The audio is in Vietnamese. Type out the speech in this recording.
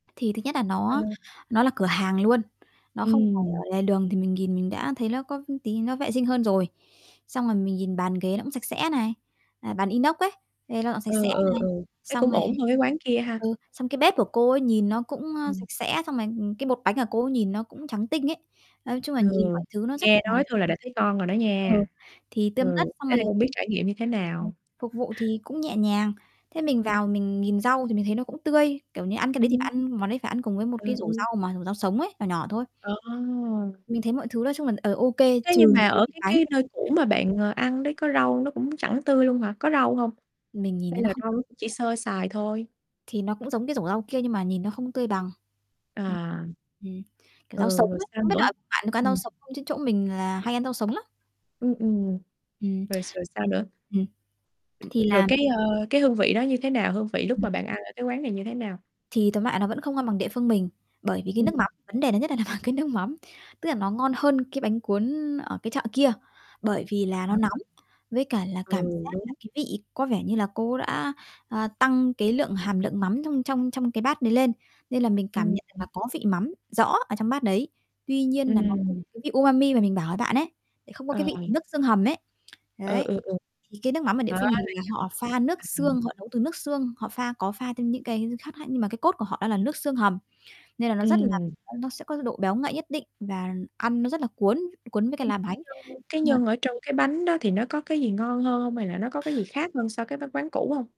Thì thứ nhất là nó Ừ. nó là cửa hàng luôn. Nó không phải Ừm. ở lề đường, thì mình nhìn mình đã thấy nó có tí nó vệ sinh hơn rồi. Xong rồi mình nhìn bàn ghế nó cũng sạch sẽ này, à, bàn inox ấy, thấy nó sạch Ờ, sẽ ờ, này. ờ, thấy Xong cũng rồi ổn hơn cái quán kia ha? ừ, xong cái bếp của cô ấy nhìn nó cũng, a, Ừm. sạch sẽ, xong rồi, ừm, cái bột bánh của cô ấy nhìn nó cũng trắng tinh ấy. Nói chung là Ừ, nhìn mọi thứ nó rất nghe là nói thôi là đã thấy ngon rồi đó ờ, nha. thì tươm Ừ, tất xong thế rồi thì là không biết trải nghiệm như thế ừm, nào? phục vụ thì cũng nhẹ nhàng. Thế mình Ừm. vào mình nhìn rau thì mình thấy nó cũng tươi, kiểu như, ăn cái đấy thì Ừm. bạn ăn món đấy phải ăn cùng với một Ờ, cái rổ ừ. rau mà rau sống ấy, nhỏ nhỏ thôi. Ờ! Mình thấy mọi thứ nói chung mình, ờ, OK, Thế nhưng trừ mà cái ở vị cái bánh. cái nơi cũ mà bạn, ờ, ăn đấy có rau nó cũng chẳng tươi luôn hả, có rau hông? Mình nhìn Hay thấy là nó không rau nó tươi. cũng chỉ sơ sài thôi? Thì nó cũng giống cái rổ rau kia nhưng mà nhìn nó không tươi bằng. Đấy. À. Ừm, kiểu Ừ, rau sống rồi ấy, sao không biết là nữa? ở bạn có ăn rau Ừm. sống không chứ chỗ mình là hay ăn rau sống lắm. Ừm, ừm, Ừm. rồi rồi sao nữa? Ừm. Ừm, Thì rồi làm cái, ờ, cái hương vị đó như thế nào, hương vị lúc Ừm. mà bạn ăn ở cái quán này như thế nào? Thì tóm lại nó vẫn không ngon bằng địa phương mình, bởi vì, cái Ừm. nước mắm, vấn đề lớn nhất là nằm ở cái nước mắm. Tức là nó ngon hơn cái bánh cuốn ở cái chợ kia, bởi vì là nó Ờ. nóng, với cả là cảm Ừ, giác đúng. là, cái, vị có vẻ như là cô ấy đã, ờ, tăng cái lượng hàm lượng mắm trong trong trong cái bát đấy lên, nên là mình cảm Ừm, nhận được ừm. là có vị mắm rõ ở trong bát đấy. Tuy nhiên là nó không Ừm. có cái vị umami mà mình bảo với bạn ấy, lại không có Ờ. cái vị của nước xương hầm ấy. Ờ, Đấy. ừ, ừ. Thì cái nước mắm ở địa Đó, phương mình là họ pha nước [unintelligible] ừm. xương, họ nấu từ nước xương, họ pha có pha thêm những cái h hương khác lại, nhưng mà cái cốt của họ đó là nước xương hầm. Nên là nó rất là [unintelligible] Ừm. nó sẽ có cái độ béo ngậy nhất định và ăn nó rất là cuốn cuốn với cả là bánh. [unintelligible] Cái Nên nhân ở trong cái bánh đó thì nó có cái gì ngon hơn hông? Hay là nó có cái gì khác hơn so cái vói cái quán cũ hông?